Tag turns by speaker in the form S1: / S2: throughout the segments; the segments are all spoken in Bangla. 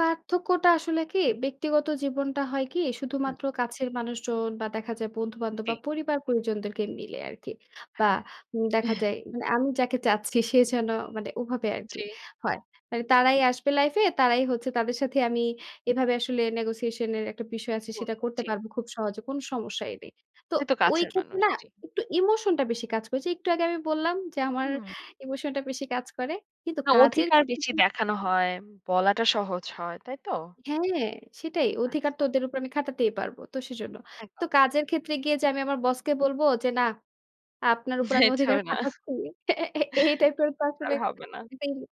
S1: পার্থক্যটা আসলে কি, ব্যক্তিগত জীবনটা হয় কি
S2: হু।
S1: শুধুমাত্র কাছের মানুষজন বা দেখা যায় বন্ধু-বান্ধব
S2: জি।
S1: বা পরিবার-পরিজনদেরকে মিলে আরকি। বা
S2: হ্যাঁ।
S1: উম দেখা যায় বা মানে আমি যাকে চাচ্ছি সে যেন মানে ওভাবে আরকি
S2: জি।
S1: হয়। মানে তারাই আসবে লাইফ এ, তারাই হচ্ছে তাদের সাথেই আমি এভাবে আসলে নেগোশিয়েশন এর একটা বিষয় আছে,
S2: কর
S1: সেটা
S2: কর
S1: করতে
S2: জি।
S1: পারবো খুব সহজে কোনো সমস্যাই নেই। তো
S2: সে তো
S1: ঐ
S2: কাছের
S1: ক্ষেত্রে
S2: মানুষ,
S1: না
S2: জি।
S1: একটু ইমোশনটা বেশি কাজ করে। যে একটু আগে আমি বললাম যে
S2: উ
S1: আমার
S2: হুম।
S1: ইমোশনটা বেশি কাজ করে। কিন্তু
S2: না
S1: কাজের
S2: অধিকার
S1: ক্ষেত্রে
S2: বেশি
S1: কি
S2: দেখানো হয়, বলাটা সহজ হয়, তাই তো?
S1: হ্যাঁ, সেটাই। অধিকার
S2: আচ্ছা।
S1: ওদের উপর আমি খাটাতেই পারব। তো সেজন্য। তো
S2: একদম।
S1: কাজের ক্ষেত্রে গিয়ে যে আমি আমার বসকে বলবো যে না আপনার উপর আমি
S2: এটা
S1: অধিকার
S2: না।
S1: খাটাচ্ছি। এই টাইপের তো
S2: আর
S1: আসলে
S2: হবে না।
S1: [unintelligible]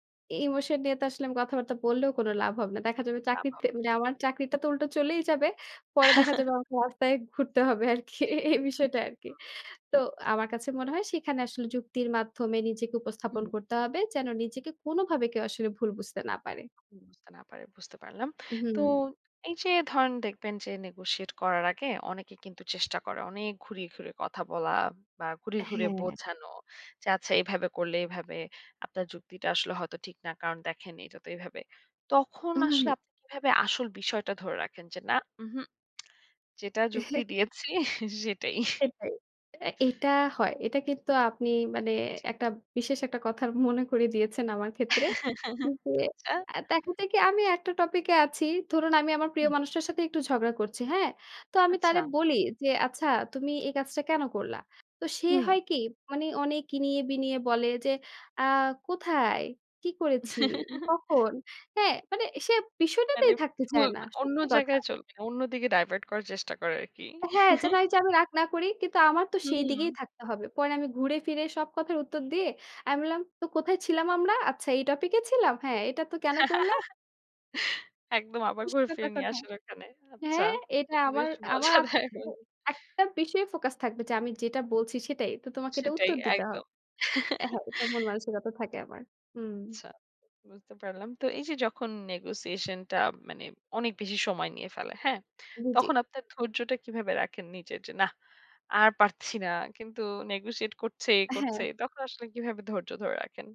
S1: ইমোশন নিয়ে তো আসলে আমি কথাবার্তা বললেও কোনো লাভ হবে না। দেখা যাবে
S2: না,
S1: চাকরির
S2: না,
S1: তে
S2: না।
S1: মানে আমার চাকরিটা তো উল্টো চলেই যাবে, পরে দেখা যাবে আমাকে রাস্তায় ঘুরতে হবে আরকি
S2: জি।
S1: এই বিষয়টা আরকি।
S2: হু।
S1: তো আমার কাছে
S2: তে
S1: মনে হয়
S2: পেরেছি।
S1: সেখানে আসলে যুক্তির মাধ্যমে নিজেকে
S2: উ হু,
S1: উপস্থাপন
S2: হুম।
S1: করতে হবে। যেন নিজেকে কোনোভাবে কেউ আসলে ভুল বুঝতে না পারে।
S2: বুঝতে না পারে বুঝতে পারলাম।
S1: হুম।
S2: তো এইযে ধরেন দেখবেন যে নেগোশিয়েট করার আগে অনেকে কিন্তু চেষ্টা করে। অনেক ঘুরিয়ে, ঘুরিয়ে কথা বলা বা ঘুরিয়ে, ঘুরিয়ে
S1: হ্যাঁ।
S2: বোঝানো। যে আচ্ছা এভাবে করলে এভাবে আপনার যুক্তিটা আসলে হয়তো ঠিক না কারণ দেখেননি এটা তো এভাবে। তখন
S1: উ
S2: আসলে
S1: হু।
S2: আপনি কিভাবে আসল বিষয়টা ধরে রাখেন? যে না, উহু যেটা যুক্তি দিয়েছি সেটাই।
S1: সেটাই। অ্যা এটা হয়। এটা কিন্তু আপনি মানে
S2: জি।
S1: একটা বিশেষ একটার কথা মনে করিয়ে দিয়েছেন আমার ক্ষেত্রে। যে
S2: আচ্ছা।
S1: আ দেখা দেখি আমি একটা টপিক এ আছি। ধরুন আমি আমার প্রিয়
S2: হুম।
S1: মানুষটার সাথে একটু ঝগড়া করছি, হ্যাঁ! তো আমি তারে
S2: আচ্ছা!
S1: বলি যে, "আচ্ছা তুমি এই কাজটা কেনো করলা?" তো সে
S2: হু।
S1: হয় কি মানে অনেক ইনিয়ে-বিনিয়ে বলে যে, "আ কোথায়? কি করেছি? কখন?" হ্যাঁ, মানে সে
S2: মানে
S1: বিষয়টাতেই থাকতে
S2: হুম
S1: চায় না,
S2: মানে অন্য
S1: সত্যি কথা।
S2: জায়গায় চলবে, অন্যদিকে ডাইভার্ট করার চেষ্টা করে আরকি।
S1: হ্যাঁ যেন ওইযে আমি রাগ না করি। কিন্তু আমার তো সেই দিকেই
S2: হুম।
S1: থাকতে হবে। পরে আমি ঘুরে ফিরে সব কথার উত্তর দিয়ে, আমি বললাম, "তো কোথায় ছিলাম আমরা? আচ্ছা এই টপিক এ ছিলাম? হ্যাঁ এটা তো কেনো করলা?"
S2: একদম আবার ঘুরে
S1: পুষতে
S2: ফিরে নিয়ে
S1: থাকো।
S2: আসেন ওখানে।
S1: হ্যাঁ
S2: আচ্ছা,
S1: হ্যাঁ,
S2: এটা
S1: এটা
S2: কিন্তু
S1: আমার
S2: বেশ
S1: আমার
S2: মজা
S1: আত
S2: দেয়।
S1: মানে একটা বিষয়েই ফোকাস থাকবে যে আমি যেটা বলছি সেটাই। তো তোমাকে এটা
S2: সেটাই
S1: উত্তর দিতে হবে।
S2: একদম।
S1: হ্যাঁ এটার মানসিকতা থাকে আমার। হুম।
S2: আচ্ছা বুঝতে পারলাম। তো এইযে যখন নেগোশিয়েশনটা মানে অনেক বেশি সময় নিয়ে ফেলে, হ্যাঁ?
S1: হু, জি।
S2: তখন আপনার ধৈর্যটা কিভাবে রাখেন নিজের, যে না আর পারছি না। কিন্তু নেগোশিয়েট করছেই,
S1: হ্যাঁ।
S2: করছেই। তখন আসলে কিভাবে ধৈর্য ধরে রাখেন?